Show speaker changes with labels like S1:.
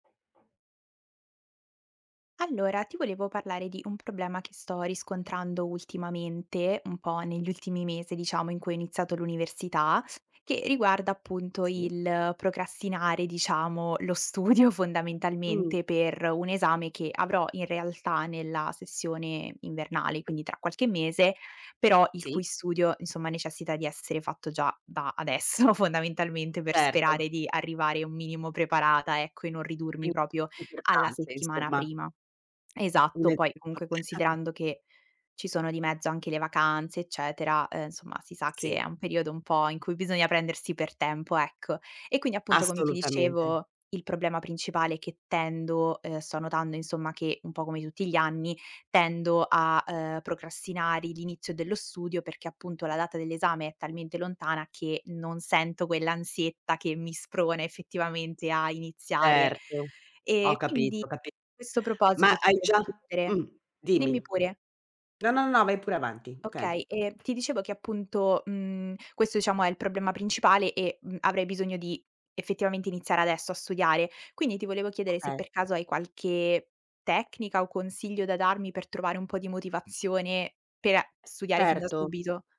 S1: Allora, ti volevo parlare di un problema che sto riscontrando ultimamente, un po' negli ultimi mesi diciamo in cui ho iniziato l'università, che riguarda appunto
S2: Si.
S1: il procrastinare, diciamo, lo studio
S2: Mh.
S1: fondamentalmente per un esame che avrò in realtà nella sessione invernale, quindi tra qualche mese, però il cui
S2: Si.
S1: studio, insomma, necessita di essere fatto già da adesso fondamentalmente per
S2: Certo.
S1: sperare di arrivare un minimo preparata ecco, e non
S2: Mh,
S1: ridurmi proprio
S2: è
S1: alla
S2: importante
S1: settimana
S2: insomma.
S1: prima. Esatto, poi comunque
S2: [unintelligible]
S1: considerando che ci sono di mezzo anche le vacanze eccetera, ehm, insomma si sa che è
S2: Sì.
S1: un periodo un po' in cui bisogna prendersi per tempo, ecco. E quindi appunto, come ti
S2: Assolutamente.
S1: dicevo, il problema principale è che tendo, ehm sto notando insomma che un po' come tutti gli anni, tendo a, ehm, procrastinare l'inizio dello studio, perché appunto la data dell'esame è talmente lontana che non sento quell'ansietta che mi sprona effettivamente a iniziare.
S2: Certo.
S1: Ehm,
S2: Ho
S1: quindi
S2: capito, ho capi
S1: questo
S2: ma
S1: proposito ti
S2: hai già
S1: [unintelligible] chiedere
S2: mh,
S1: dimmi
S2: dimmi.
S1: pure.
S2: No, no, no, vai pure avanti, okay.
S1: Okay, ehm, ti dicevo che appunto, mhmm, questo diciamo è il problema principale e, mhmm, avrei bisogno di effettivamente iniziare adesso a studiare. Quindi ti volevo chiedere se
S2: Okay.
S1: per caso hai qualche tecnica o consiglio da darmi per trovare un po' di motivazione per a studiare fin da
S2: Erto.
S1: subito.